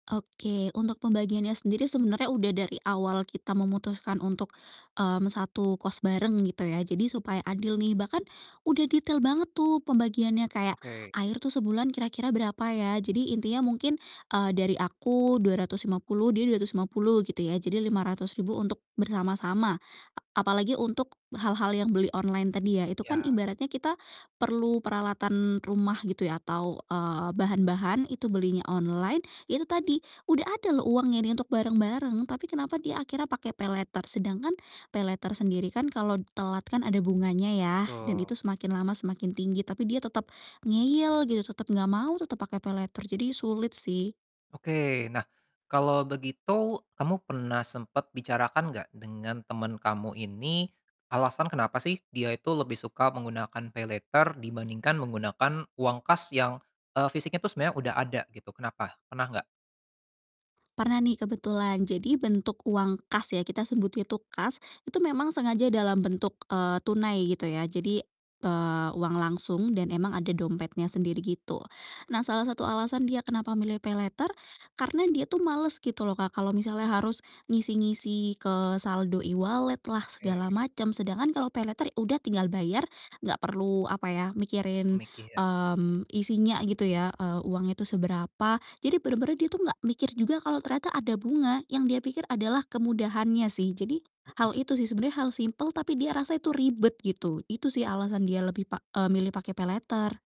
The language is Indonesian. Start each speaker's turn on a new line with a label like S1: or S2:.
S1: Oke, untuk pembagiannya sendiri sebenarnya udah dari awal kita memutuskan untuk, mmm, satu kos bareng gitu ya jadi supaya adil nih bahkan, udah detail banget tuh pembagiannya kayak,
S2: Oke.
S1: air tuh sebulan kira-kira berapa ya, jadi intinya mungkin, eee, dari aku Rp250.000, dia Rp250.000 gitu ya, jadi Rp500.000 untuk bersama-sama. A apalagi untuk hal-hal yang beli online tadi ya, itu kan
S2: Ya.
S1: ibaratnya kita perlu peralatan rumah gitu ya, atau, eee, bahan-bahan itu belinya online, ya itu tadi, udah ada loh uangnya ini untuk bareng-bareng, tapi kenapa dia akhirnya pakai paylater, sedangkan paylater sendiri kan kalau telat kan ada bunganya ya dan
S2: Betul.
S1: itu semakin lama semakin tinggi, tapi dia tetap ngeyel gitu, tetap enggak mau, tetap pakai paylater, jadi sulit sih.
S2: Oke nah, kalau begitu kamu pernah sempat bicarakan gak dengan teman kamu ini, alasan kenapa sih dia itu lebih suka menggunakan paylater dibandingkan menggunakan uang kas yang, eee, fisiknya itu sebenarnya udah ada gitu kenapa? Pernah gak?
S1: Pernah nih kebetulan jadi bentuk uang kas ya, kita sebut itu kas, itu memang sengaja dalam bentuk, eee, tunai gitu ya jadi, eee, uang langsung dan emang ada dompetnya sendiri gitu, nah salah satu alasan dia kenapa milih paylater karena dia tuh males gitu loh Kak, kalau misalnya harus, ngisi-ngisi ke saldo e-wallet lah, segala
S2: Oke.
S1: macam sedangkan kalau paylater udah tinggal bayar, enggak perlu apa ya
S2: Oh,
S1: mikirin,
S2: mikir.
S1: mmm, isinya gitu ya, eee, uangnya itu seberapa jadi benar-benar dia tuh enggak mikir juga kalau ternyata ada bunga yang dia pikir adalah kemudahannya sih, jadi, hal
S2: Mhm.
S1: itu sih sebenarnya hal simpel tapi dia rasa itu ribet gitu, itu sih alasan dia lebih pa eee, milih pakai paylater.